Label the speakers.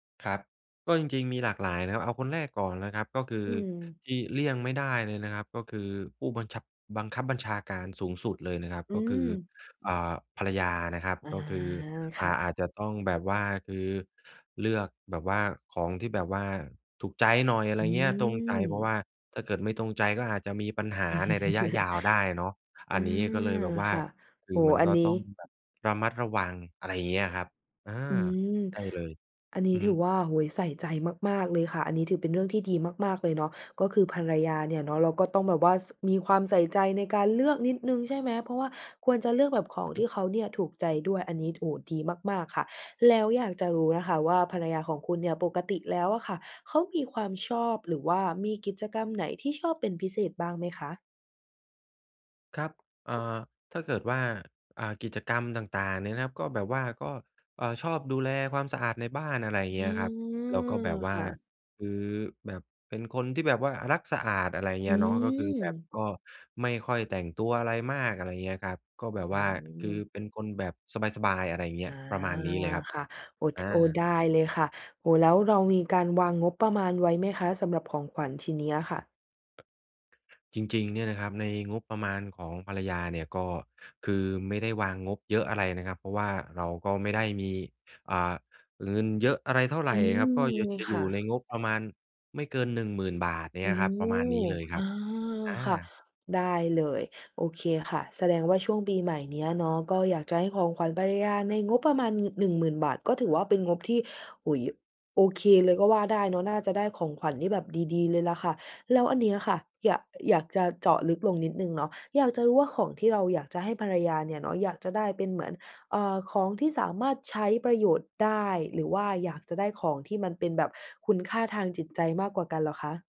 Speaker 1: ครับ ก็จริง ๆ มีหลากหลายนะครับ เอาคนแรกก่อนนะครับ ก็คื
Speaker 2: อ
Speaker 1: อ
Speaker 2: ืม
Speaker 1: ที่เลี่ยงไม่ได้เลยนะครับ ก็คือผู้บันชับ บังคับบัญชาการสูงสุดเลยนะครับ
Speaker 2: อื
Speaker 1: ก็คือ
Speaker 2: ม
Speaker 1: อ่า ภรรยานะครับ
Speaker 2: อา
Speaker 1: ก็คือ
Speaker 2: ค
Speaker 1: อ่า
Speaker 2: ่ะ
Speaker 1: อาจจะต้องแบบว่า คือเลือกแบบว่าของที่แบบว่าถูกใจหน่อย อะไร
Speaker 2: อื
Speaker 1: อย่างเงี้ย ตรงใจ เพราะว
Speaker 2: ม
Speaker 1: ่าถ้าเกิดไม่ตรงใจก็อาจจะมีปัญหาในระยะยาวได้เนาะ อ
Speaker 2: อ
Speaker 1: ั
Speaker 2: า
Speaker 1: นนี้ก็เลยแบบว่า
Speaker 2: ค่ะ
Speaker 1: ค
Speaker 2: โ
Speaker 1: ื
Speaker 2: อ
Speaker 1: อ
Speaker 2: ้
Speaker 1: มัน
Speaker 2: อั
Speaker 1: ก
Speaker 2: น
Speaker 1: ็
Speaker 2: นี้
Speaker 1: ต้องแบบระมัดระวัง อะไรอย่างเงี้ยครับ อา
Speaker 2: อืม
Speaker 1: ใช่เลย
Speaker 2: อันน
Speaker 1: อ
Speaker 2: ี
Speaker 1: ื
Speaker 2: ้
Speaker 1: อฮ
Speaker 2: ถือ
Speaker 1: ึ
Speaker 2: ว่า โอ้โฮ ใส่ใจมาก ๆ เลยค่ะ อันนี้ถือเป็นเรื่องที่ดีมาก ๆ เลยเนาะ ก็คือภรรยาเนี่ยเนาะ เราก็ต้องแบบว่า ส มีความใส่ใจในการเลือกนิดหนึ่ง ใช่ไหม เพราะว่า ควรจะเลือกแบบขอ
Speaker 1: อ
Speaker 2: ง
Speaker 1: ือฮ
Speaker 2: ท
Speaker 1: ึ
Speaker 2: ี่เขาเนี่ยถูกใจด้วย อันนี้ โอ้ ดีมาก ๆ ค่ะ แล้วอยากจะรู้นะคะว่าภรรยาของคุณเนี่ยปกติแล้วค่ะเขามีความชอบ หรือว่ามีกิจกรรมไหนที่ชอบเป็นพิเศษบ้างไหมคะ?
Speaker 1: ครับ เอ่อ ถ้าเกิดว่า อ่า กิจกรรมต่าง ๆ เนี่ยนะครับ ก็แบบว่า ก็ เอ่อ ชอบดูแลความสะอาดในบ้าน อะไรอย่างเ
Speaker 2: อ
Speaker 1: ง
Speaker 2: ื
Speaker 1: ี้ยครับ แล้วก็แ
Speaker 2: ม
Speaker 1: บบว
Speaker 2: ค
Speaker 1: ่า
Speaker 2: ่ะ
Speaker 1: คือแบบเป็นคนที่แบบว่ารักสะอาด อะไรอย่างเ
Speaker 2: อ
Speaker 1: งี
Speaker 2: ื
Speaker 1: ้ยเนาะ ก็คือแบบ
Speaker 2: ม
Speaker 1: ก็ไม่ค่อยแต่งตัวอะไรมาก อะไรอย่างเงี้ยครับ ก็แบบ
Speaker 2: อื
Speaker 1: ว่าคือ
Speaker 2: ม
Speaker 1: เป็นคนแบบสบาย ๆ อะไรอย่างเงี
Speaker 2: อ
Speaker 1: ้ย
Speaker 2: า
Speaker 1: ประมาณนี้เลยครับ
Speaker 2: ค่ะ โอ้
Speaker 1: อ
Speaker 2: โอ้ ไ
Speaker 1: า
Speaker 2: ด้เลยค่ะ โอ้ แล้วเรามีการวางงบประมาณไว้ไหมคะสำหรับของขวัญชิ้นเนี้ยค่ะ?
Speaker 1: จริง ๆ เนี่ยนะครับ ในงบประมาณของภรรยาเนี่ย ก็คือไม่ได้วางงบเยอะอะไรนะครับ เพราะว่าเราก็ไม่ได้มี เอ่อ เงินเยอะอะไรเท่าไร
Speaker 2: อื
Speaker 1: คร
Speaker 2: ม
Speaker 1: ับ ก็อยาก
Speaker 2: ง
Speaker 1: จะ
Speaker 2: ค
Speaker 1: อยู่
Speaker 2: ่
Speaker 1: ใน
Speaker 2: ะ
Speaker 1: งบประมาณไม่เกิน ฿10,000 เ
Speaker 2: โ
Speaker 1: น
Speaker 2: อ
Speaker 1: ี่
Speaker 2: ้
Speaker 1: ยครับ ประมาณนี้เลยค
Speaker 2: อ
Speaker 1: รับ
Speaker 2: า
Speaker 1: อา
Speaker 2: ค่ะ ได้เลย โอเคค่ะ แสดงว่าช่วงปีใหม่เนี้ยเนาะ ก็อยากจะให้ของขวัญภรรยาในงบประมาณงึด ฿10,000 ก็ถือว่าเป็นงบที่ โอ้โฮ โอเคเลยก็ว่าได้เนาะ น่าจะได้ของขวัญที่แบบดี ๆ เลยล่ะค่ะ แล้วอันเนี้ยค่ะ ย อยากจะเจาะลึกลงนิดหนึ่งเนาะ อยากจะรู้ว่าของที่เราอยากจะให้ภรรยาเนี่ยเนาะ อยากจะได้เป็นเหมือน เอ่อ ของที่สามารถใช้ประโยชน์ได้ หรือว่าอยากจะได้ของที่มันเป็นแบบคุณค่าทางจิตใจมากกว่ากันเหรอคะ?